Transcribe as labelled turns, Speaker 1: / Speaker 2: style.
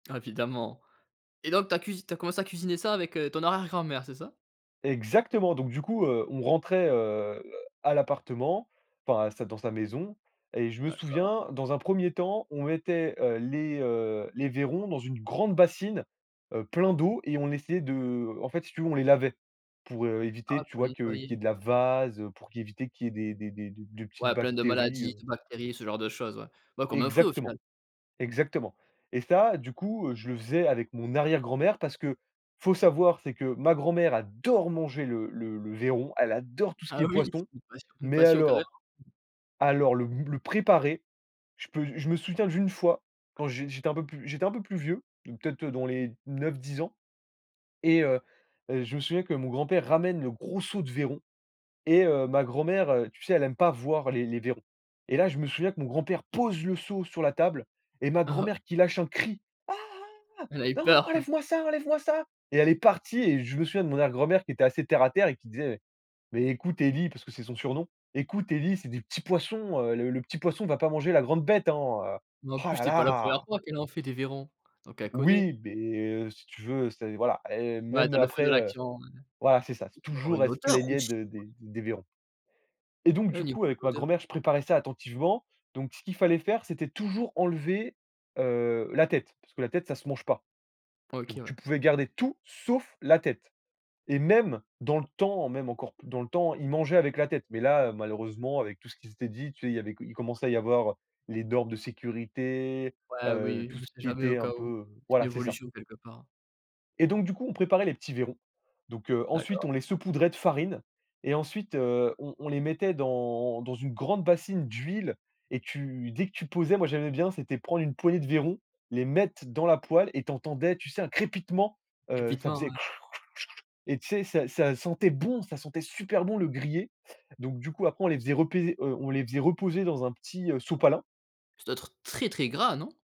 Speaker 1: Ah évidemment, et donc tu as cuise tu as commencé à cuisiner ça avec, heu, ton arrière grand-mère, c'est ça?
Speaker 2: Exactement! Donc du coup, heu, on rentrait, heu, à l'appartement, enfin, sa dans sa maison, et je me
Speaker 1: D'accord.
Speaker 2: souviens, dans un 1er temps, on mettait, heu, les heu les vairons dans une grande bassine, heu, plein d'eau, et on essayait de en fait si tu veux on les lavait. Pour, heu, éviter
Speaker 1: Ah,
Speaker 2: tu
Speaker 1: pour les
Speaker 2: vois que qu'il y ait
Speaker 1: nettoyer.
Speaker 2: de la vase, pour q éviter qu'il y ait des des des des des petites
Speaker 1: Ouais, plein de
Speaker 2: bactéries,
Speaker 1: maladies,
Speaker 2: heu
Speaker 1: de bactéries, ce genre de choses, ouais. Bah, comme un fruit, au
Speaker 2: Exactement.
Speaker 1: final?
Speaker 2: Exactement, et ça du coup, je le faisais avec mon arrière-grand-mère, parce que faut savoir c'est que ma grand-mère adore manger le le le vairon, elle adore tout ce qui
Speaker 1: Ah
Speaker 2: est
Speaker 1: oui!
Speaker 2: poisson,
Speaker 1: Une passion, une
Speaker 2: mais
Speaker 1: passion, carrément!
Speaker 2: alors alors le b le préparer, je peux je me souviens d'une fois, quand j j'étais un peu plus j'étais un peu plus vieux. Peut-être dans les 9-10 ans, et heu heu, je me souviens que mon grand-père ramène le gros seau de vairons, et heu, ma
Speaker 1: [unintelligible]
Speaker 2: grand-mère, tu sais? Elle aime pas voir les les vairons, et là je me souviens que mon grand-père pose le seau sur la table, et ma
Speaker 1: Ah ah!
Speaker 2: grand-mère qui lâche un cri «Ah! Ah!
Speaker 1: Elle a eu
Speaker 2: Non,
Speaker 1: peur.
Speaker 2: enlève-moi ça, enlève-moi ça!» et elle est partie et je me souviens de mon arrière grand-mère, qui était assez terre à terre et qui disait «Mais mais écoute Eli», parce que c'est son surnom «Écoute Eli, c'est des petits poissons, heu, le le petit poisson va pas manger la grande bête hein, heu,
Speaker 1: Ben, en
Speaker 2: oh
Speaker 1: plus,
Speaker 2: là
Speaker 1: c'était pas la 1ère
Speaker 2: là!»
Speaker 1: fois qu'elle en fait des vairons, donc elle connaît.
Speaker 2: Oui mais heu, si tu veux, c'est voilà, eh
Speaker 1: Ouais,
Speaker 2: même
Speaker 1: dans le feu de
Speaker 2: après, heu
Speaker 1: l'action, ouais.
Speaker 2: voilà c'est ça.
Speaker 1: Ça doit avoir
Speaker 2: Toujours
Speaker 1: une
Speaker 2: elle se
Speaker 1: odeur
Speaker 2: plaignait
Speaker 1: aussi!
Speaker 2: de des des vairons et donc
Speaker 1: Au
Speaker 2: du coup
Speaker 1: niveau de
Speaker 2: avec ma
Speaker 1: l'odeur.
Speaker 2: grand-mère, je préparais ça attentivement, donc ce qu'il fallait faire c'était toujours enlever, heu, la tête, parce que la tête ça se mange pas,
Speaker 1: OK
Speaker 2: donc tu
Speaker 1: ouais.
Speaker 2: pouvais garder tout sauf la tête, et même dans le temps, même encore p dans le temps, ils mangeaient avec la tête, mais là malheureusement avec tout ce qui s'était dit, tu sais il avait il commençait à y avoir les normes de sécurité,
Speaker 1: Ouais,
Speaker 2: heu,
Speaker 1: oui,
Speaker 2: tout
Speaker 1: on
Speaker 2: ce
Speaker 1: sait
Speaker 2: qui
Speaker 1: jamais, au
Speaker 2: était un
Speaker 1: cas où.
Speaker 2: peu
Speaker 1: C'est une
Speaker 2: voilà c'est ça
Speaker 1: évolution, quelque part.
Speaker 2: et donc du coup on préparait les petits vairons, donc heu, ensuite
Speaker 1: D'accord.
Speaker 2: on les saupoudrait de farine, et ensuite, heu, on on les mettait dans dans une grande bassine d'huile, et tu dès que tu posais moi j'aimais bien, c'était prendre une poignée de vairons, les mettre dans la poêle et tu entendais, tu sais un crépitement, heu, ça
Speaker 1: Crépitement,
Speaker 2: faisait
Speaker 1: ouais.
Speaker 2: kr, kr, ch, et tu sais ça ça sentait bon. Ça sentait super bon le grillé! Donc du coup après on les faisait repés heu, on les faisait reposer dans un petit, heu, sopalin.
Speaker 1: Ça doit être très, très gras, non?